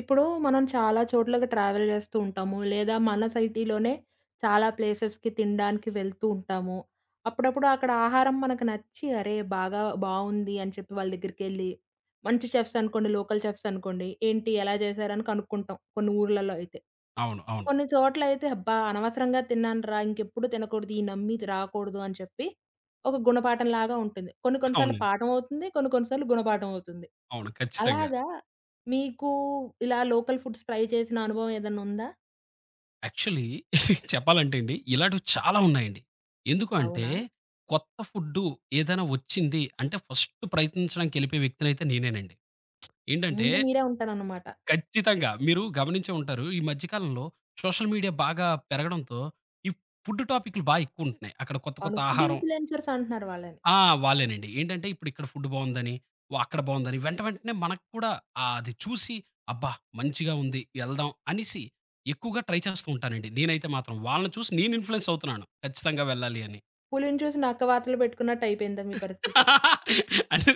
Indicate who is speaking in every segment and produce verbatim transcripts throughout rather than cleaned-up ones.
Speaker 1: ఇప్పుడు మనం చాలా చోట్లకు ట్రావెల్ జేస్తూ ఉంటాము. లేదా మన సైటీలోనే చాలా ప్లేసెస్‌కి తినడానికి వెళ్తూ ఉంటాము. అప్పుడప్పుడు అక్కడ ఆహారం మనకి నచ్చి అరే! బాగా బావుంది అని చెప్పి వాళ్ళ దగ్గరికెళ్ళి. మంచి చెఫ్స్ అనుకోండి లోకల్ చెఫ్స్ అనుకోండి. ఏంటి ఎలా జేశారని కనుక్కుంటాం కొన్ని ఊర్లలో అయితే.
Speaker 2: అవును. అవును.
Speaker 1: కొన్ని చోట్లలైయితే అబ్బా! అనవసరంగా తిన్నానురా! ఇంకెప్పుడు తినకూడదు. ఈ నమ్మిది రాకూడదు అని చెప్పి ఒక గుణపాఠంలాగా ఉంటుంది. కొన్ని కొన్ని సార్లు
Speaker 2: అవునండి.
Speaker 1: పాఠమవుతుంది. కొన్ని, కొన్ని సార్లు గుణపాఠమవుతుంది.
Speaker 2: అవును. ఖచ్చితంగా.
Speaker 1: అలాగా, మీకు ఇలా లోకల్ ఫుడ్స్ ట్రై చేసిన అనుభవం ఏదన్నా‌నుందా?
Speaker 2: యాక్చువలీ చెప్పాలంటే అండి ఇలాటివి చాలా ఉన్నాయండి. ఎందుకు అంటే
Speaker 1: అవునా?
Speaker 2: కొత్త ఫుడ్డు ఏదైనా ఒచ్చింది అంటే ఫస్టు ప్రయత్నించడానికేళ్ళిపోయే వ్యక్తనైతే నేనేనండి. ఏంటంటే
Speaker 1: ముందు మీరే ఉంటారన్నమాట.
Speaker 2: ఖచ్చితంగా. మీరు గమనించే ఉంటారు. ఈ మధ్య కాలంలో సోషల్ మీడియా బాగా పెరగడంతో ఈ ఫుడ్డు టాపికు‌లు బా యెక్కువుంటున్నాయి. అక్కడ కొత్త కొత్త
Speaker 1: అవును. ఫుడ్
Speaker 2: ఆహారం
Speaker 1: ఇన్‌ఫ్లూయెన్సర్స్ అంటున్నారు వాళ్ళని.
Speaker 2: ఆ! వాళ్ళేనండి. ఏంటంటే ఇప్పుడిక్కడ ఫుడ్డు బావుందని. వ అక్కడ బావుందని వెంట వెంటనే మనకి కూడా ఆహ్, అది చూసి అబ్బా! మంచిగా ఉంది ఎళ్దాం అనేసి ఎక్కువగా ట్రై చాస్తూ ఉంటానండి. నేనైతే మాత్రం. వాళ్ళని చూసి నేను ఇన్‌ఫ్లూయెన్స్ అవుతున్నాను ఖచ్చితంగా వెళ్ళాలి అని.
Speaker 1: పులిని చూసి నక్క వాతలు పెట్టుకున్నట్టయిపేయిందా మీ పరిస్థితి?
Speaker 2: అంటే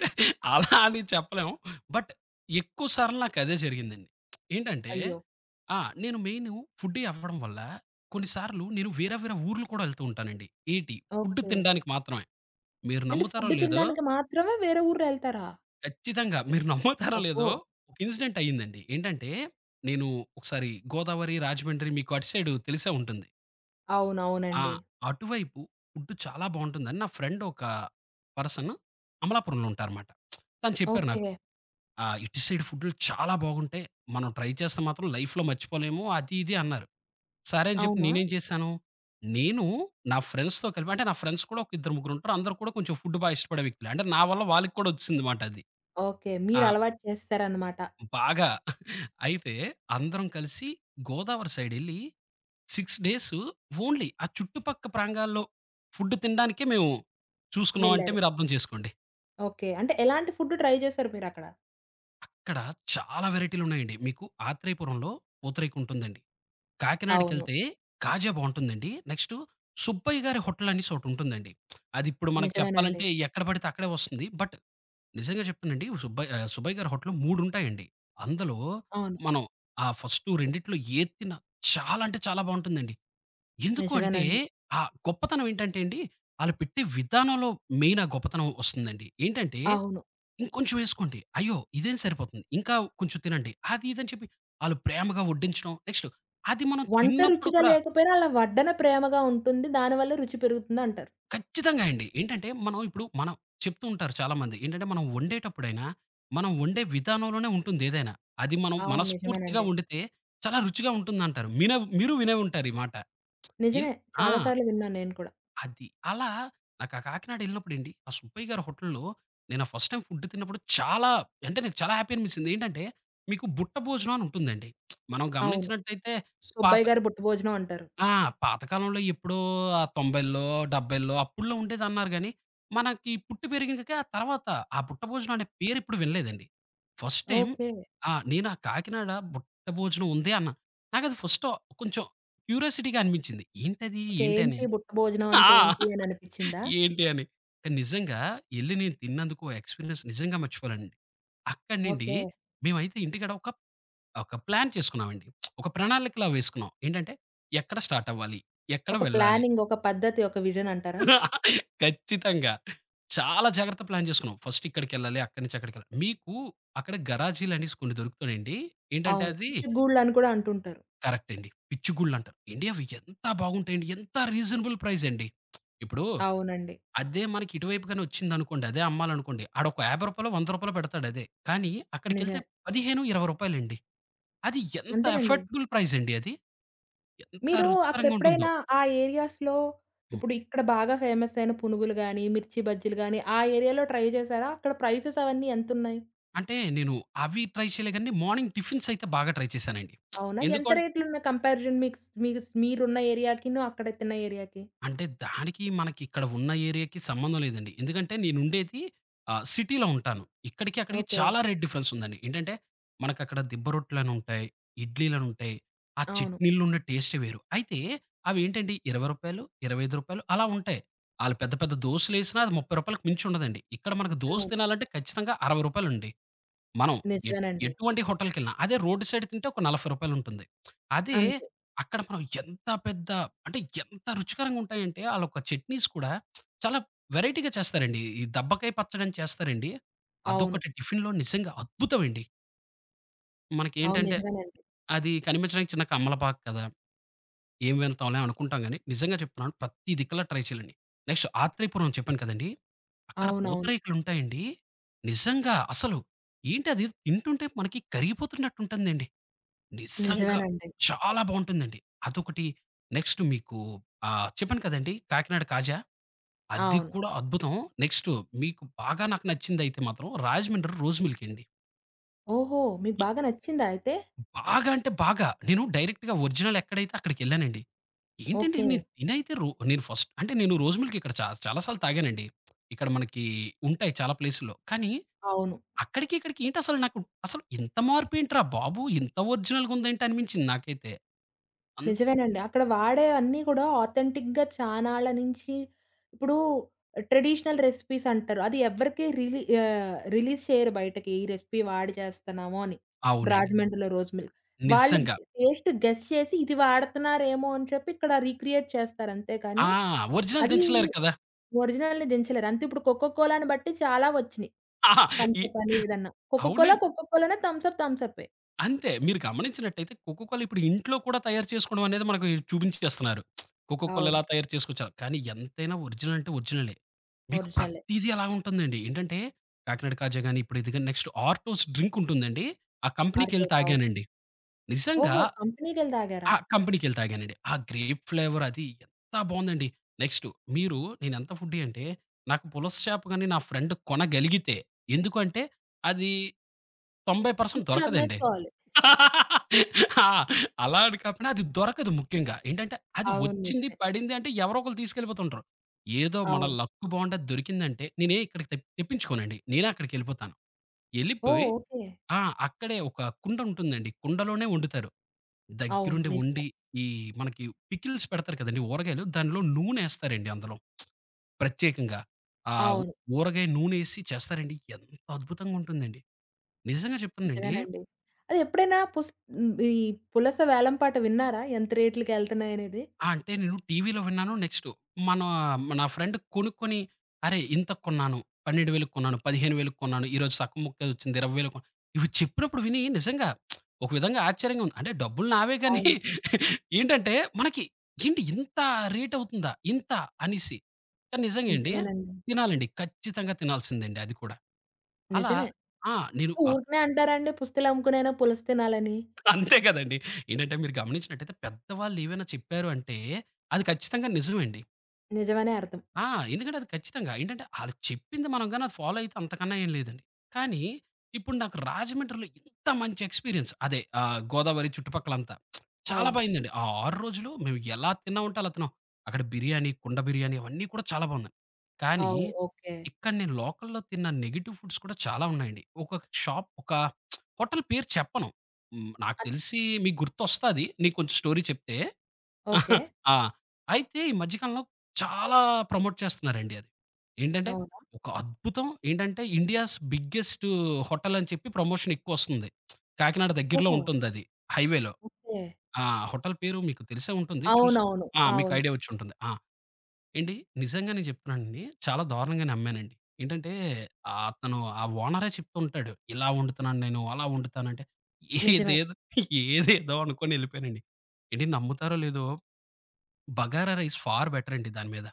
Speaker 2: అలా అని చెప్పలేం. బట్ ఎక్కువ సార్లు నాకదే జరిగిందండి. ఏంటంటే
Speaker 1: అయ్యో!
Speaker 2: ఆ! నేను మెయిను ఫుడ్డీ అవ్వడం వల్ల, కొన్నిసార్లు నేను వేర వేరా ఊరులు కూడా ఎళ్తూ ఉంటానండి. ఏంటి? Food
Speaker 1: okay.
Speaker 2: తినడానికి మాత్రమే. మీరు
Speaker 1: ఏంటి
Speaker 2: నమ్ముతారో
Speaker 1: ఫుడ్డు
Speaker 2: లేదో
Speaker 1: తిండానికి మాత్రమే వేరే ఊరెళ్తారా?
Speaker 2: ఖచ్చితంగా. మీరు నమ్ముతారో
Speaker 1: అబ్బో!
Speaker 2: లేదో! ఒక ఇన్సిడెంట్ అయిందండి. ఏంటంటే, నేను ఒకసారి గోదావరి, రాజమండ్రి మీకు అటు సైడు తెలిసే ఉంటుంది. ఆ!
Speaker 1: అవునవునండి.
Speaker 2: అటువైపు ఫుడ్డు చాలా బావుంటుందని నా ఫ్రెండొకా పర్సన్ అమలాపురంలో ఉంటారనమాట. తను చెప్పారు నాకు.
Speaker 1: ఓకే.
Speaker 2: ఆ! "ఇటు సైడ్ ఫుడ్డులు చాలా బాగుంటాయి. మనం ట్రై చేస్తే మాత్రం లైఫ్‌లో మర్చిపోలేము," అది ఇది అన్నారు. సరే అని జెప్పి
Speaker 1: అవునా!
Speaker 2: నేనేం చేశాను, నేను నా ఫ్రెండ్స్‌తో కలిపి అంటే, నా ఫ్రెండ్స్ కూడా ఒక ఇద్దరు ముగ్గురుంటారు. అందరూ కూడా కొంచెం ఫుడ్డు బాగిష్టపడే వ్యక్తులే. అంటే నా వల్ల వాళ్ళకి కూడా వచ్చేసిందిమాటది.
Speaker 1: ఓకే.
Speaker 2: ఆ!
Speaker 1: మీరలవాటు చేసేసారనమాట.
Speaker 2: బాగా అయితే అందరం కలిసి గోదావరి సైడెళ్ళి సిక్స్ డేస్ ఓన్లీ ఆ చుట్టుపక్క ప్రాంగాల్లో ఫుడ్డు తిండానికే మేము చూసుకున్నామంటే
Speaker 1: వెళ్లారు.
Speaker 2: మీరు అర్థం చేసుకోండి.
Speaker 1: ఓకే. అంటే ఎలాంటి ఫుడ్డు ట్రై చేసారు మీరక్కడ?
Speaker 2: అక్కడ చాలా వెరైటీలు ఉన్నాయండి. మీకు ఆత్రేయపురంలో పూతరేకుంటుందండి.
Speaker 1: అవును.
Speaker 2: కాకినాడకెళ్తే కాజా బాగుంటుందండి. నెక్స్టు సుబ్బయ్య గారి హోటలనేసి ఒకటుంటుందండి. అది ఇప్పుడు మనకు చెప్పాలంటే
Speaker 1: నిజమేనండి.
Speaker 2: ఎక్కడబడితే అక్కడే ఒస్తుంది. బట్, నిజంగా చెప్తునండి సుబ్బయ ఆహ్, సుబ్బయ్య గారి హోటల్లు మూడుంటాయండి. అందులో,
Speaker 1: అవును.
Speaker 2: మనం ఆ ఫస్టు రెండిట్లో ఏతిన్న చాలా అంటే చాలా బాగుంటుందండి. ఎందుకంటే
Speaker 1: నిజమేనండి.
Speaker 2: ఆ గొప్పతనం ఏంటంటే అండి, ఆలుపెట్టే విధానంలో మెయిన్ ఆ గొప్పతనం ఒస్తుందండి. ఏంటంటే
Speaker 1: అవును.
Speaker 2: ఇంకొంచెం యేసుకోండి, అయ్యో! ఇదేం సరిపోతుంది. ఇంకా కొంచెం తినండి. అది ఇదని చెప్పి వాళ్ళు ప్రేమగా ఓడ్డించడం. నెక్స్టు అది మనం
Speaker 1: వంట
Speaker 2: తిన్నప్పుడు
Speaker 1: రుచిగా
Speaker 2: కూడా
Speaker 1: లేకపోయినా, అలా వడ్డన ప్రేమగా ఉంటుంది. దానివల్లే రుచి పెరుగుతుందంటారు.
Speaker 2: ఖచ్చితంగా అండి. ఏంటంటే మనం ఇప్పుడు, మనం చెప్పుతూ ఉంటారు చాలామంది. ఏంటంటే మనం ఓండేటప్పుడైనా, మనం ఓండే విధానంలోనే ఉంటుంది ఏదైనా. అది మనం
Speaker 1: అవును.
Speaker 2: మనస్ఫూర్తిగా
Speaker 1: నిజమేనండి.
Speaker 2: ఓండితే చాలా రుచిగా ఉంటుందంటారు. మినే మీరు వినే ఉంటారు ఈ మాట.
Speaker 1: నిజమే.
Speaker 2: ఇల్ ఆ!
Speaker 1: చాలా సార్లు విన్నాను నేను కూడా.
Speaker 2: అది. అలా నాకు ఆ కాకినాడ ఎళ్ళినప్పుడండి. ఆ సుబ్బయ్య గారి హోటల్‌లో నేను ఆ ఫస్ట్ టైమ్ ఫుడ్ తిన్నప్పుడు చాలా అంటే, నేను చాలా హ్యాపీ అనిపిస్తుంది. ఏంటంటే మీకు బుట్ట భోజనం అని ఉంటుందండి. మనం
Speaker 1: అవును.
Speaker 2: గమనించినట్టయితే పాత
Speaker 1: సుబ్బయ్య గారి బుట్ట భోజనం అంటారు.
Speaker 2: ఆ! పాతకాలంలో ఎప్పుడో తొంభై‌లో డెబ్బై‌లో అప్పుడు‌లో ఉండేదన్నారు గానీ. మనకి పుట్టి పెరిగక తర్వాత, ఆ బుట్ట భోజనం అనే పేరు ఎప్పుడు వినలేదండి. First time
Speaker 1: okay.
Speaker 2: ఆ! నేను ఆ కాకినాడ బుట్ట భోజనం ఉంది అన్న. నాకది ఫస్టొ కొంచెం. క్యూరోసిటీగా అనిపించింది. ఏంటది,
Speaker 1: ఓకే.
Speaker 2: ఏంటని.
Speaker 1: ఏంటి, బుట్ట భోజనం
Speaker 2: ఆ!
Speaker 1: అంటే ఏంటి అని అనిపించిందా?
Speaker 2: ఏంటి అని. నిజంగా ఎళ్లి నేను తిన్నందుకు ఎక్స్‌పీరియన్స్ నిజంగా మర్చిపోలేనండి. అక్కడి నుండి,
Speaker 1: ఓకే.
Speaker 2: మేమైతే ఇంటికడ ఒక ఒక ప్లాన్ చేసుకున్నామండి. ఒక ప్రణాళికలా వేసుకున్నాం. ఏంటంటే, ఎక్కడ స్టార్ట్ అవ్వాలి, ఎక్కడ
Speaker 1: ఒక
Speaker 2: వెళ్ళాలి.
Speaker 1: ప్లానింగ్, ఒక పద్ధతి, ఒక్క విజన్ అంటారా?
Speaker 2: ఖచ్చితంగా. చాలా జాగ్రత్తగా ప్లాన్ జేసుకున్నాం. ఫస్టిక్కడికెళ్ళాలి, అక్కడి నుంచి అక్కడికెళ్ళాలి. మీకు అక్కడ గరాజీలు అనేసి కొన్ని దొరుకుతన్నాయండి. ఏంటంటే
Speaker 1: అవును.
Speaker 2: అవి
Speaker 1: పిచ్చు గూళ్ళ అని కూడా అంటుంటారు.
Speaker 2: కరెక్ట్ అండి. పిచ్చిగుుళ్ళు అంటారు. ఎండి అవి ఎంత బాగుంటాయండి, ఎంత రీజనబుల్ ప్రైజ్ అండి. ఇప్పుడు.
Speaker 1: అవునండి.
Speaker 2: అదే మనకి ఇటువైపుగానొచ్చిందనుకోండి. అదే అమ్మాలనుకోండి. ఆడు ఒక యాభై రూపాయాలో వంద రూపాయాలో పెడతాడు అదే. కానీ, అక్కడికెళ్తే
Speaker 1: నిజామే.
Speaker 2: పది‌హేను ఇరవై రూపాయాలండీ. అది ఎంత
Speaker 1: అంతేనండి.
Speaker 2: ఎఫెక్టబుల్ ప్రైజండి అది. ఎంత
Speaker 1: మీరు
Speaker 2: రుచికరంగా ఉంటుందో.
Speaker 1: అప్పుడెప్పుడైనా ఆహ్, ఏరియాస్‌లో
Speaker 2: హ్మ్.
Speaker 1: ఇప్పుడు ఇక్కడ బాగా ఫేమస్సయిన పునుగులు గాని, మిర్చి బజ్జీలు గాని ఆ ఏరియాలో ట్రై చేశారా? అక్కడ ప్రైసెసవన్నీ ఎంతున్నాయి?
Speaker 2: అంటే, నేను అవి ట్రై చేయలేగానీ, మార్నింగ్ టిఫిన్సయితే బాగా ట్రై చేశానండి.
Speaker 1: అవునా?
Speaker 2: ఎందుకు
Speaker 1: ఎంత
Speaker 2: అన్
Speaker 1: రేట్లున్నాయి కంపారిజన్ మీక్స్ మీస్ మీరున్న ఏరియాకిను, అక్కడ తిన్న ఏరియాకి?
Speaker 2: అంటే దానికి, మనకి ఇక్కడ ఉన్న ఏరియాకి సంబంధం లేదండి. ఎందుకంటే నేను ఉండేది, ఆహ్, సిటీలో ఉంటాను. ఇక్కడికి, అక్కడికి
Speaker 1: ఓకే.
Speaker 2: చాలా రేట్ డిఫరెన్సుందండి. ఏంటంటే, మనకక్కడ దిబ్బ రొట్లను ఉంటాయి, ఇడ్లీలను ఉంటాయి ఆ
Speaker 1: అవును.
Speaker 2: చట్నీళ్ళో ఉన్న టేస్టే వేరు. అయితే ఆవివేనటంటే, ఇరవై రూపాయలు, ఇరవైఐదు రూపాయలు అలా ఉంటాయి. ఆళ్ళు పెద్ద, పెద్ద దోసులేసినా అది ముప్పైరూపాయాలకి మించుండదండి. ఇక్కడ మనకు దోసు
Speaker 1: అవును.
Speaker 2: తినాలంటే ఖచ్చితంగా, అరవైరుపాయలు అండి. మనం ఎట్
Speaker 1: నిజమేనండి.
Speaker 2: ఎటువంటి హోటల్‌కేళ్లిన. అదే రోడ్డు సైడ్ తింటే ఒక నాలబై రూపాయలు ఉంటుంది. అదె
Speaker 1: అంతే.
Speaker 2: అక్కడ మనం ఎంత పెద్ద అంటే, ఎంత రుచికరంగా ఉంటాయంటే, ఆళ్ళ యొక్క చట్నీస్ కూడా చాలా వెరైటీగా చేస్తారండి. ఈ ఈ దబ్బకాయ పచ్చడని చేస్తారండి.
Speaker 1: అవును.
Speaker 2: అదొకటి టిఫిన్‌లో నిజంగా అద్భుతం అండి.
Speaker 1: అవును.
Speaker 2: మనకేంటంటే
Speaker 1: నిజమేనండి.
Speaker 2: అది కనిపించడానికి చిన్న కమ్మలపాక కదా! ఏం వెళ్తాంలే అనుకుంటాం గానీ, నిజంగా చెప్తున్నాను ప్రతి దిక్కలా ట్రై చేయలండి. నెక్స్ట్ ఆత్రేయపురం చెప్పాను కదండీ! అక్కడ
Speaker 1: అవునవును.
Speaker 2: పూతరేకులుంటాయండి, నిజంగా అసలు ఏంటది తింటుంటే మనకి కరిగిపోతున్నటుంటుందండి. నిజంగా
Speaker 1: నిజమేనండి.
Speaker 2: చాలా బావుంటుందండి. అదొకటి, నెక్స్ట్ మీకు ఆహ్, చెప్పాను కదండీ కాకినాడ కాజా. అది
Speaker 1: అవును.
Speaker 2: కూడా అద్భుతం. నెక్స్ట్ మీకు బాగా నాకు నచ్చింధైతే మాత్రం రాజమండ్రి రోస్ మిల్క్ అండి.
Speaker 1: ఓహో! మీకు
Speaker 2: ఆ!
Speaker 1: బాగా నచ్చిందా అయితే?
Speaker 2: బాగా అంటే బాగా నేను డైరెక్ట్‌గా ఒరిజినల్ ఎక్కడైతే అక్కడికెళ్ళానండి. ఏంటంటే నేను
Speaker 1: ఓకే.
Speaker 2: తినైతే రో నేను ఫస్ట్ అంటే నేను రోస్ మిల్క్ ఇక్కడ చాల చాలా సార్లు తాగానండి. ఇక్కడ మనకి ఉంటాయి చాలా ప్లేసుల్లో. కానీ,
Speaker 1: అవును.
Speaker 2: అక్కడికి ఇక్కడికి ఏంటసలు నాకు, అసలు ఇంత మార్పేంట్రా బాబు! ఇంత ఒరిజినల్‌గా ఉందేంటనిపించింది నాకైతే. అంత
Speaker 1: నిజమేనండి. అక్కడ వాడేవన్నీ కూడా ఆథెంటిక్‌గా చాన్నాళ్ళ నుంచి ఇప్పుడు ట్రెడిషనల్ రెసిపీస్ అంటారు. అది ఎవరికే రిలీ ఆహ్, రిలీజ్ చేయరు బయటకి. "ఈ రెసిపీ వాడి చేస్తున్నాము" అని.
Speaker 2: అవునండి.
Speaker 1: రాజమండ్రిలో రోస్ మిల్క్ వాళ్ళు
Speaker 2: నిజంగా.
Speaker 1: టేస్ట్ గెస్ చేసి ఇది వాడుతున్నారేమో అని చెప్పి ఇక్కడ రీక్రియేట్ చేస్తారంతే
Speaker 2: ఆ!
Speaker 1: కానీ,
Speaker 2: ఒరిజినల్
Speaker 1: అది
Speaker 2: దించలేరు కదా!
Speaker 1: ఒరిజినల్‌ని దించలేరు. అంతే ఇప్పుడు కొక్క కోలాని బట్టి చాలా ఒచ్చినయి,
Speaker 2: ఆహా! ఈ
Speaker 1: తంసప్ అని ఏదన్నా.
Speaker 2: అవునం
Speaker 1: కొక్కకోలా కొక్కకోలానే, థంసప్ థమ్సప్పే.
Speaker 2: అంతే, మీరు గమనించినట్టయితే 'కోకోకోల' ఇప్పుడు, ఇంట్లో కూడా తయారు చేసుకోవడం అనేది, మనకు చూపించేస్తున్నారు. కోకోకోల ఎలా
Speaker 1: అవును.
Speaker 2: తయారు చేసుకోవచ్చారు కానీ, ఎంతైనా ఒరిజినల్ అంటే ఒరిజినలే. మీకు
Speaker 1: ఒరిజినలే.
Speaker 2: ప్రతీది ఎలా ఉంటుందండి. ఏంటంటే, కాకినాడ కాజా గాని, ఇప్పుడు ఇదిగాని నెక్స్ట్ ఆర్టోస్ డ్రింక్ ఉంటుందండి, ఆ కంపెనీకెళ్ళి
Speaker 1: అరిటోస్. అవును
Speaker 2: తాగానండి. నిజంగా,
Speaker 1: ఓహో! కంపెనీకెళ్ళి తాగారా?
Speaker 2: ఆ కంపెనీకెళ్ళి తాగానండి. ఆ! గ్రేప్ ఫ్లేవర్ అదీ, ఎంత బావుందండి! నెక్స్ట్ మీరు నేను ఎంత ఫుడ్డి అంటే, నాకు పులస చేపగాని, నా ఫ్రెండ్ కొనగలిగితే, ఎందుకుఅంటే, అదీ, తొంబై పర్సెంట్ దొరకదండి.
Speaker 1: పుస్తెలమ్మేసుకోవాలి.
Speaker 2: ఆ! అలా అని కాకుండా అది దొరకదు ముఖ్యంగా. ఏంటంటే అది
Speaker 1: అవును.
Speaker 2: వచ్చింది
Speaker 1: నిజమే.
Speaker 2: పడింది అంటే, ఎవరో ఒకళ్ళు తీసుకెళ్ళిపోతుంటారు. ఏదో మన
Speaker 1: అవును.
Speaker 2: లక్కు బావుండి దొరికిందంటే, నేనే ఇక్కడికి తెప్ తెప్పించుకోనండి. నేనే అక్కడికెళ్ళిపోతాను.
Speaker 1: ఓహ్!
Speaker 2: ఎళ్ళిపోయి,
Speaker 1: ఓకే.
Speaker 2: ఆ! అక్కడే, ఒక కుండ ఉంటుందండి. కుండలోనే వండుతారు.
Speaker 1: అవును.
Speaker 2: దగ్గరుండి
Speaker 1: నిజమే.
Speaker 2: వండి, ఈ మనకి పికిల్స్ పెడతారు కదండీ, ఊరగాయలు. దానిలొ నూనెేస్తారండి అందులో, ప్రత్యేకంగా. ఆ
Speaker 1: అవును.
Speaker 2: ఊరగాయ నూనెేసి చేస్తారండి. ఎంత అద్భుతంగా ఉంటుందండి. నిజంగా చెప్పందండి
Speaker 1: నిజమేనండి. అది ఎప్పుడైనా పుస్ ఈ పులస వేలం పాట విన్నారా? ఎంత రేట్లకెళ్తున్నాయినేది?
Speaker 2: ఆ! అంటే, నేను టీవీలో విన్నాను. నెక్స్టు మనా నా ఫ్రెండ్ కొనుక్కొని "అరే ఇంతకు కొన్నాను. పన్నెండు వేలకు కొన్నాను, పదిహేను వేలకు కొన్నాను. ఈరోజు సగం ముక్కే వచ్చింది ఇరవై వేలకు" ఇవి చెప్పినప్పుడు వినీ, నిజంగా, ఒక విధంగా ఆశ్చర్యంగా ఉంది. అంటే డబ్బులు నావేగానీ
Speaker 1: అవును.
Speaker 2: ఏంటంటే మనకి ఏంటి ఇంత రేట్ అవుతుందా? ఇంతా! అనేసి. నిజంగా అండి.
Speaker 1: నిజమేనండి.
Speaker 2: తినాలండి. ఖచ్చితంగా తినాల్సిందండి అది కూడా. అలా
Speaker 1: నిజమే.
Speaker 2: ఆ! నేను అక్
Speaker 1: ఊరికినే అంటారండి, పుస్తెలు అమ్ముకునేైనా పులస తినాలని.
Speaker 2: అంతే కదండీ! ఏంటంటే, మీరు గమనించినట్టైతే, పెద్దవాళ్ళేమైనా చెప్పారు అంటే, అది ఖచ్చితంగా నిజమండి.
Speaker 1: నిజమనే అర్థం.
Speaker 2: ఆ! ఎందుకంటే అది ఖచ్చితంగా. ఏంటంటే ఆళ్లు చెప్పింది మనం గాని అది ఫాలో అయితే అంతకన్నా ఏం లేదండి. కానీ, ఇప్పుడు నాకు రాజమండ్రిలో ఎంత మంచి ఎక్స్‌పీరియన్స్. అదే ఆహ్, గోదావరి చుట్టుపక్కలంతా, చాలా బా
Speaker 1: అవును.
Speaker 2: అయిందండి. ఆ ఆరు రోజులు మేము ఎలా తిన్నామంటే అలా తిన్నాం. అక్కడ బిర్యానీ, కుండ బిర్యానీ అవన్నీ కూడా చాలా బావున్నాయి. కానీ,
Speaker 1: అవు. ఓకే.
Speaker 2: ఇక్కడ నేను లోకల్‌లో తిన్న నెగీటివ్ ఫుడ్స్ కూడా చాలా ఉన్నాయండి. ఒకొక షాప్, ఒకా హోటలు పేరు చెప్పను. హ్మ్. నాకు
Speaker 1: అ
Speaker 2: తెలిసి మీకు గుర్తొస్తది. నీకు కొంచెం స్టోరీ చెప్తే.
Speaker 1: ఓకే.
Speaker 2: ఆ! అయితే ఈ మధ్య కాలంలో చాలా ప్రమోట్ చేస్తున్నారండి అది. ఏంటంటే,
Speaker 1: అవునా?
Speaker 2: ఒక అద్భుతం ఏంటంటే ఇండియాస్ బిగ్గెస్టు హోటలని చెప్పి ప్రమోషనెక్కువొస్తుంది. కాకినాడ దగ్గరలో
Speaker 1: ఓహో!
Speaker 2: ఉంటుందది, హైవేలో.
Speaker 1: ఓకే.
Speaker 2: ఆ! హోటలు పేరు మీకు తెలిసే ఉంటుంది. చూసు
Speaker 1: అవునవును.
Speaker 2: ఆ! మీకు
Speaker 1: అవును.
Speaker 2: ఐడియా వచ్చుంటుంది. ఆ! ఏండి నిజంగానే చెప్తున్నానండి చాలా దారుణంగా నమ్మానండి. ఏంటంటే ఆహ్, అతను ఆ ఓనరే చెప్తూ ఉంటాడు. ఇలా వండుతున్నాను నేను, అలా వండుతానంటే,
Speaker 1: నిజమే.
Speaker 2: ఏదేదు ఏదేదో అనుకొనెళ్ళిపోయానండి. ఏండి, నమ్ముతారో లేదో, బగారా రైస్ ఫార్ బెటరండి దాని మీద.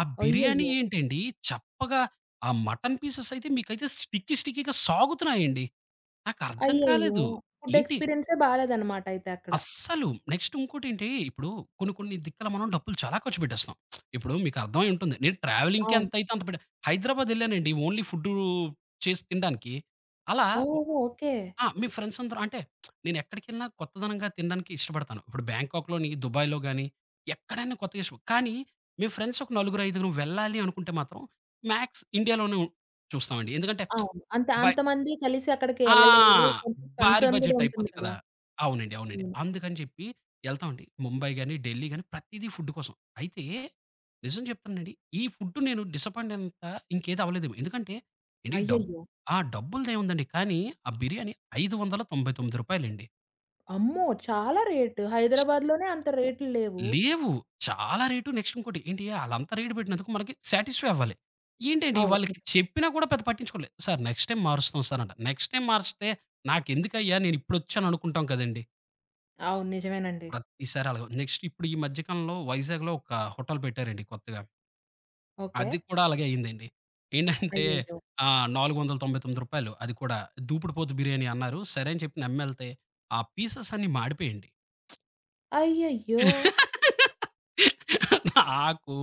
Speaker 2: ఆ బిర్యానీ
Speaker 1: అయ్యయ్యో!
Speaker 2: ఏంటండి చప్పగా, ఆ మటను పీసెస్ అయితే మీకైతే స్టిక్కీ, స్టిక్కీగా సాగుతున్నాయండి. నాకర్థం
Speaker 1: అయ్యయ్యో!
Speaker 2: కాలేదు.
Speaker 1: ఫుడ్
Speaker 2: ఏంటి
Speaker 1: ఎక్స్పీరియన్స్ బాలేదనమాటయితే అక్కడ.
Speaker 2: అస్సలు. నెక్స్ట్ ఉంకోటేంటి ఇప్పుడు కొన్ని కొన్ని దిక్కుల మనం డబ్బులు చాలా ఖర్చుపెట్టేస్తాం. ఇప్పుడు మీకర్థమై ఉంటుంది. నేను ట్రావెలింగ్‌కే
Speaker 1: అవును.
Speaker 2: ఎంతయితే అంత పెడ హైదరాబాద్ ఎళ్ళానండి ఓన్లీ ఫుడ్డూ చేసి తిండానికి. అలా
Speaker 1: ఓహో! ఓకే.
Speaker 2: ఆ! మేం ఫ్రెండ్సందరం అంటే నేనెక్కడికెళ్ళినా కొత్తదనంగా తినడానికి ఇష్టపడతాను. ఇప్పుడు బ్యాంకాక్‌లోని, దుబాయ్‌లోగాని ఎక్కడైనా కొత్తగా ఇష్టం కానీ మేం ఫ్రెండ్సొక నలుగురైదుగురు వెళ్ళాలి అనుకుంటే మాత్రం మ్యాక్స్ ఇండియాలోనే ఉ చూస్తామండి. ఎందుకంటే
Speaker 1: అవును. అంతే,
Speaker 2: బై
Speaker 1: అంతమంది కలిసి అక్కడికి
Speaker 2: ఆ!
Speaker 1: ఎళ్ళలేరు. కొంచం
Speaker 2: భారీ
Speaker 1: కన్సర్న్ కూడా
Speaker 2: బడ్జెట్
Speaker 1: ఉంటుంది
Speaker 2: అయిపోద్ది
Speaker 1: కదా!
Speaker 2: కదా! అవునండి. అవునండి.
Speaker 1: హ్మ్.
Speaker 2: అందుకని చెప్పి ఎళ్తామండి. ముంబై గాని, ఢిల్లీ గాని ప్రతీదీ ఫుడ్డు కోసం. అయితే నిజం చెప్తున్నానండి, ఈ ఫుడ్డు నేను డిసప్పాయింటైనంత ఇంకేదవ్వలేదేమో. ఎందుకంటే, ఏండి డబ్
Speaker 1: అయ్యయ్యో!
Speaker 2: ఆ! డబ్బుల్దేముందండి. కానీ ఆ బిర్యానీ ఐదువందల తొంభై తొమ్మిది రూపాయలండి.
Speaker 1: అమ్మో! చాలా రేటు. హైదరాబాద్‌లోనే అంత రేట్లు లేవు.
Speaker 2: లేవు. చాలా రేటు నెక్స్ట్ ఇంకోటి, ఏంటి ఆళ్ళంతా రేటు పెట్టినందుకు మనకి సాటిస్ఫై అవ్వాలి. ఏంటండి
Speaker 1: అవును. నిజమే.
Speaker 2: వాళ్ళకి చెప్పినా కూడా పెద్ద పట్టించుకోలేదు. సారు, నెక్స్ట్ టైమ్ మారుస్తాం సారు అంట. నెక్స్ట్ టైమ్ మారిస్తే, నాకెందుకయ్యా నేనిప్పుడొచ్చాను అనుకుంటాం కదండీ.
Speaker 1: అవును. నిజమేనండి.
Speaker 2: ప్రతిసారి అలాగుంది. నెక్స్టిప్పుడు ఈ మధ్య కాలంలో వైజాగ్‌లో ఒక హోటల్ పెట్టారండి కొత్తగా. అది
Speaker 1: ఓకే.
Speaker 2: కూడా అలాగే అయిందండి. ఏంటంటే
Speaker 1: అయ్యయ్యో!
Speaker 2: ఆహ్, నాలుగువందల తొంబైతొమ్మిది రూపాయలు అది కూడా దూపిడుపోతు బిర్యానీ అన్నారు. సరే, అని చెప్పి నమ్మెళ్తే ఆ పీసెస్ అన్నీ మాడిపోయాయండి.
Speaker 1: అయ్యయ్యో!
Speaker 2: నాకు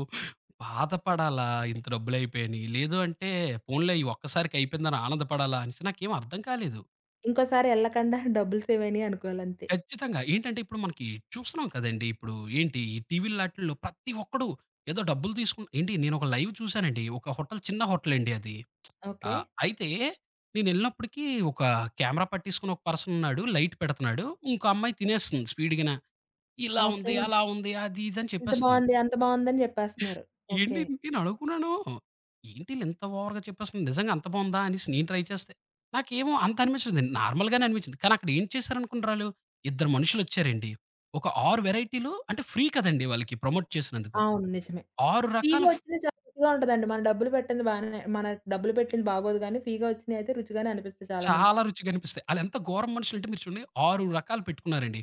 Speaker 2: బాధపడాలా ఇంత డబ్బులయిపోయాని, లేదు అంటే పోనిలే ఈ ఒక్కసారికయిపోయిందని ఆనందపడాలా అనేసి నాకేమర్థం కాలేదు.
Speaker 1: ఇంకోసారి ఎళ్ళకండా డబ్బులు సేవైనయనుకోవాలంతే.
Speaker 2: ఖచ్చితంగా. ఏంటంటే ఇప్పుడు మనకి చూస్తున్నాం కదండీ, ఇప్పుడు ఏంటి ఈ టీవీలాటిల్లో ప్రతి ఒక్కడు ఏదో డబ్బులు తీసుకు ఏంటి, నేనొక లైవ్ చూసానండి. ఒక హోటల్ చిన్న హోటల్ అండి అది.
Speaker 1: ఓకే.
Speaker 2: ఆహ్, అయితే నేనెళ్ళినప్పటికి ఒక కెమెరా పట్టేసుకొని ఒక పర్సనున్నాడు, లైట్ పెడుతున్నాడు. ఇంకో అమ్మాయి తినేస్తుంది స్పీడ్‌గానా. ఇలా ఉంది,
Speaker 1: ఓకే.
Speaker 2: అలా ఉంది, అది, ఇది అని
Speaker 1: ఎంత
Speaker 2: చెప్పేస్తుంది.
Speaker 1: బావుంది, అంత బాగుందని చెప్పేస్తున్నారు. ఓకే.
Speaker 2: ఏండి నేనడుకున్నాను, ఏంటిలింత ఓవర్‌గా చెప్పేస్తుంది, నిజంగా అంత బాగుందా అనేసి, నేను ట్రై చేస్తే, నాకేమో అంత అనిపించలేదండి. నార్మల్‌గానే అనిపించింది. కానక్కడ ఏం చేశారనుకున్నరాలు, ఇద్దరు మనుషులొచ్చారండి. ఒక ఆరు వెరైటీలు అంటే, ఫ్రీ కదండీ వాళ్ళకి ప్రమోట్ చేసినందుకు.
Speaker 1: అవును. నిజమే.
Speaker 2: ఆరు రకాల
Speaker 1: ఫ్రీగా
Speaker 2: ఫ్
Speaker 1: వచ్చింది చాలా రుచిగా ఉంటదండి. మన డబ్బులు పెట్టింది బానే మన డబ్బులు పెట్టింది బాగోదు గాని, ఫ్రీగా వచ్చింది అయితే రుచిగానే అనిపిస్తది
Speaker 2: చాలా
Speaker 1: చాలామందికి.
Speaker 2: రుచిగనిపిస్తాయి. ఆలెంత ఘోరం మనుషులు అంటే మీరు చూడండి, ఆరు రకాలు పెట్టుకున్నారండి.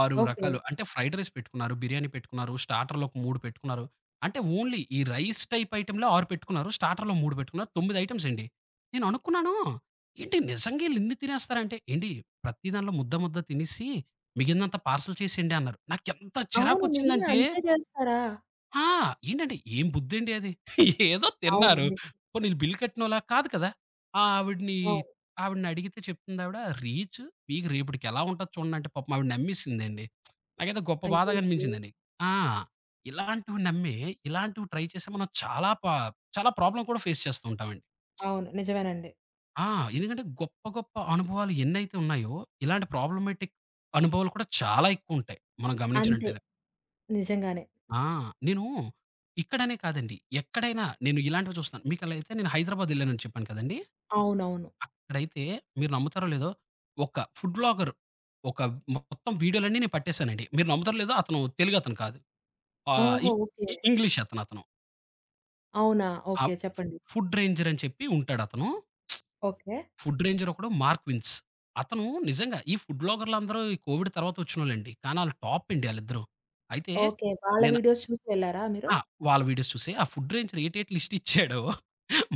Speaker 2: ఆరు
Speaker 1: ఓకే.
Speaker 2: రకాలు అంటే ఫ్రైడ్ రైస్ పెట్టుకున్నారు, బిర్యానీ పెట్టుకున్నారు, స్టార్టర్లు ఒక మూడు పెట్టుకున్నారు. అంటే ఓన్లీ ఈ రైస్ టైప్ ఐటెమ్‌లే ఆరు పెట్టుకున్నారు. స్టార్టర్లు ఓ మూడు పెట్టుకున్నారు. తొమ్మిది ఐటెమ్సండి. నేననుకున్నాను, ఏంటి నిజంగా ఈళ్ళిన్ని తినేస్తారా అంటే ఏండి ప్రతి దాంట్లో ముద్ద, ముద్ద తినేసి మిగిలిందంతా పార్సల్ చేసేయండి అన్నారు. నాకెంత
Speaker 1: అవును. నిజమే
Speaker 2: చిరాకొచ్చిందంటే
Speaker 1: అంతే చేస్తారా?
Speaker 2: ఆ! ఏంటండి ఏం బుద్ధండి అది. ఏదో
Speaker 1: అవును.
Speaker 2: తిన్నారు.
Speaker 1: నిజం.
Speaker 2: పోనీళ్ళు బిల్ కట్టినోలా కాదు కదా! ఆ ఆవిడని.
Speaker 1: అవును.
Speaker 2: ఆవిడనడిగితే చెప్తుందావిడా రీచ్ మీకు రేపటికి ఎలా ఉంటది చూడండి అంటే పాపం ఆవిడ నమ్మేసిందండి. నాకైతే గొప్ప బాధ
Speaker 1: అయ్యయ్యో!
Speaker 2: గనిపించిందండి. ఆ! ఇలాంటివి నమ్మే ఇలాంటివి ట్రై చేసి మనం చాలా పా చాలా ప్రాబ్లమ్ కూడా ఫేస్ చేస్తూ ఉంటామండి.
Speaker 1: అవును. నిజమేనండి.
Speaker 2: ఆ! ఎందుకంటే గొప్ప గొప్ప అనుభవాలు ఎన్నైతే ఉన్నాయో ఇలాంటి ప్రాబ్లమాటిక్ అనుభవాలు కూడా చాలా ఎక్కవుంటాయి. మనం
Speaker 1: అంతే.
Speaker 2: గమనించినట్టేదె.
Speaker 1: నిజంగానే.
Speaker 2: ఆ! నేను, ఇక్కడనే కాదండి. ఎక్కడైనా నేను ఇలాంటివి చూస్తాను. మీకలా అయితే నేను హైదరాబాద్ యెళ్ళానని చెప్పాను కదండి!
Speaker 1: అవునవును.
Speaker 2: అక్కడైతే మీరు నమ్ముతారో లేదో, ఒక ఫుడ్ వ్లాగర్. ఒక మొత్తం వీడియోలన్నీ నేను పట్టేశానండి. మీరు నమ్మదరులేదు అతను తెలుగతను కాదు. ఆ!
Speaker 1: ఓహో!
Speaker 2: ఇ
Speaker 1: ఓకే.
Speaker 2: ఇ ఇంగ్లీష్ అతను అతను.
Speaker 1: అవునా?
Speaker 2: ఆ!
Speaker 1: ఓకే.
Speaker 2: ఫు
Speaker 1: చెప్పండి.
Speaker 2: ఫుడ్ రేంజర్ అని చెప్పి ఉంటాాడు అతను.
Speaker 1: ఓకే.
Speaker 2: ఫుడ్ రేంజర్ ఒకడు 'మార్క్విన్స్'. అతను నిజంగా ఈ ఫుడ్ వ్లాగరలందరు. ఈ కోవిడ్ తర్వాత ఒచ్చినోళ్ళండి. కానీ ఆళ్ళు టాప్ అండి ఆళ్ళిద్దరు. అయితే.
Speaker 1: ఓకే. వాళ్ళ
Speaker 2: నేను
Speaker 1: వీడియోస్ చూసి ఎళ్లారా మీరు?
Speaker 2: ఆ! వాళ్ళ వీడియోస్ చూసే ఆ ఫుడ్ రేంజర్ ఏటేటి లిస్ట్ ఇచ్చాడో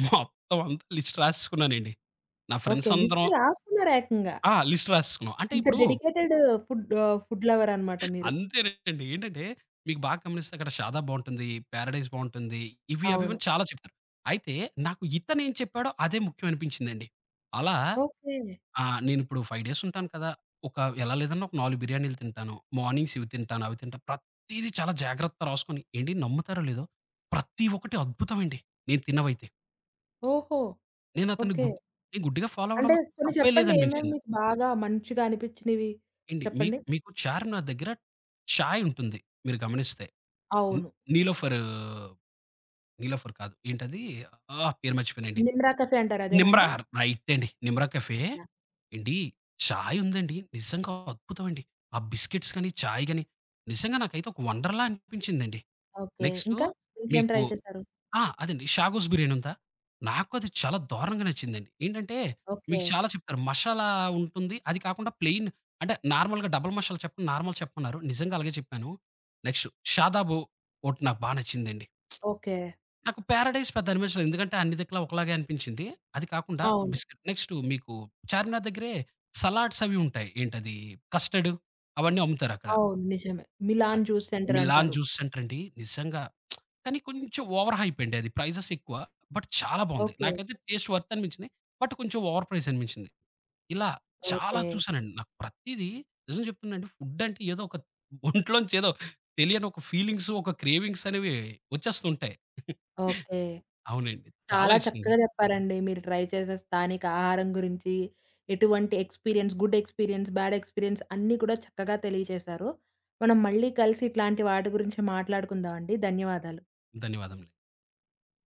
Speaker 2: మొత్తం అంత లిస్ట్ రాసేసుకున్నానండి. నా ఫ్రెండ్స్
Speaker 1: ఓకే.
Speaker 2: అందరం
Speaker 1: లిస్ట్ రాసుకున్నారేకంగా.
Speaker 2: ఆ! లిస్ట్ రాసేసుస్తున్నాం. అంటే
Speaker 1: అంత
Speaker 2: ఇప్పుడు
Speaker 1: dedicated food ah, food lover అనమాట మీరు?
Speaker 2: అంతేనండి. ఏంటంటే మీకు బాగా గమనిస్తే అక్కడ షాదాబ్ బావుంటుంది. పారడైస్ బావుంటుంది. ఇవి
Speaker 1: అవును.
Speaker 2: అవివన్నీ చాలా చెప్పారు. అయితే నాకు ఇతనేం చెప్పాడో అదే ముఖ్యం అనిపించిందండి. అలా
Speaker 1: ఓకే.
Speaker 2: ఆ! నేను ఇప్పుడు ఫైవ్ డేస్ ఉంటాను కదా! ఒక ఎలా లేదనా ఒక నాలుగు బిర్యానీలు తింటాను. మార్నింగ్స్ ఇవి తింటాను. అవి తింటా. ప్రతీదీ చాలా జాగ్రత్త రాసుకొని ఏండి నమ్ముతారో లేదో? ప్రతి ఒక్కటి అద్భుతమ అండి నేను తిన్నవైతే.
Speaker 1: ఓహో!
Speaker 2: నేనతన్ని
Speaker 1: ఓకే.
Speaker 2: గుడ్డి గుడ్డిగా ఫాలో
Speaker 1: అంటే
Speaker 2: అవ్వడంలో
Speaker 1: కొన్ని
Speaker 2: తప్పే
Speaker 1: చెప్పండి ఏమేమి
Speaker 2: లేదనిపించింది.
Speaker 1: మీకు బాగా మంచిగా అనిపించినవి,
Speaker 2: ఏండి మీకు
Speaker 1: చెప్పండి?
Speaker 2: మీకు చార్మినార్ దగ్గర ఛాయ్ ఉంటుంది. మీరు గమనిస్తే! హ్మ్
Speaker 1: అవును.
Speaker 2: 'నీలోఫరు' 'నిలోఫర్' కాదు, ఏంటది ఆహ్, పేరు మర్చిపోయనేంటి?
Speaker 1: 'నిమ్రా కఫె' అంటారు అదేనాండి?
Speaker 2: నిమ్రాార్ రైటండి. 'నిమ్రా కేఫె'.
Speaker 1: యాహ్!
Speaker 2: ఏండి చాయ్ ఉందండి, నిజంగా అద్భుతమండి. ఆ బిస్కెట్స్ గాని, చాయ్ గాని, నిజంగా నాకైతే ఒక వండర్‌ల అనిపించిందండి.
Speaker 1: ఓకే.
Speaker 2: నెక్స్టు
Speaker 1: ఇంకా ఇంకేం
Speaker 2: మీకు
Speaker 1: ట్రై చేసారు?
Speaker 2: ఆ! అదండి. 'షాగోస్' బిర్యాని ఉందా? నాకది చాలా దారుణంగా నచ్చిందండి. ఏంటంటే
Speaker 1: ఓకే.
Speaker 2: మీకు చాలా చెప్పారు. మషాలా ఉంటుంది. అది కాకుండా ప్లెయిన్ అంటే నార్మల్‌గా డబల్ మషాలా చెప్ నార్మల్‌ చెప్పమన్నారు. నిజంగా అలాగే చెప్పాను. నెక్స్టు షాదాబు ఒకటి నాకు బా నచ్చిందండి.
Speaker 1: ఓకే.
Speaker 2: నాకు 'పారాడైస్' పెద్ద అనిపించలేదు ఎందుకంటే అన్ని దిక్కులా ఒకలాగే అనిపించింది. అది కాకుండా
Speaker 1: అవును.
Speaker 2: బిస్కట్ నెక్స్టు మీకు 'చార్మినార్' దగ్గరే సలాడ్స్ అవి ఉంటాయి, ఏంటది కస్టర్డు అవన్నీ అమ్ముతారక్కడ.
Speaker 1: అవును నిజమే,
Speaker 2: ఆహ్
Speaker 1: 'మిలాన్ జూస్ సెంటర్'
Speaker 2: 'మిల్లాన్
Speaker 1: అంటారు.
Speaker 2: జూస్' సెంటరండి. నిజంగా, కానీ కొంచెం ఓవర్‌హైపండి, అది ప్రైజెస్ ఎక్కువ. బట్ చాలా బావుంది.
Speaker 1: ఓకే.
Speaker 2: నాకైతే టేస్ట్ వర్త్ అనిపించినియి. బట్ కొంచెం ఓవర్ ప్రైస్ అనిపించింది. ఇలా చాలా
Speaker 1: ఓకే.
Speaker 2: చూసానండి. నాకు ప్రతీదీ నిజం చెప్తునానండి ఫుడంటే ఏదో ఒక ఒంట్లోంచేదో తెలియని ఒక ఫీలింగ్సు ఒక క్రేవింగ్సనేవి వచ్చేస్తూ ఉంటాయి.
Speaker 1: ఓకే.
Speaker 2: అవునండి. చాలా
Speaker 1: చాలా
Speaker 2: ఇష్టం.
Speaker 1: చక్కగా చెప్పారండి. మీరు ట్రై చేసే స్థానిక ఆహారం గురించి ఎటువంటి experience, good experience, bad experience అన్నీ కూడా చక్కగా తెలియజేశారు. మనం మళ్ళీ కలిసి ఇట్లాంటి వాటి గురించి మాట్లాడుకుందామండి. ధన్యవాదాలు.
Speaker 2: ధన్యవాదములు.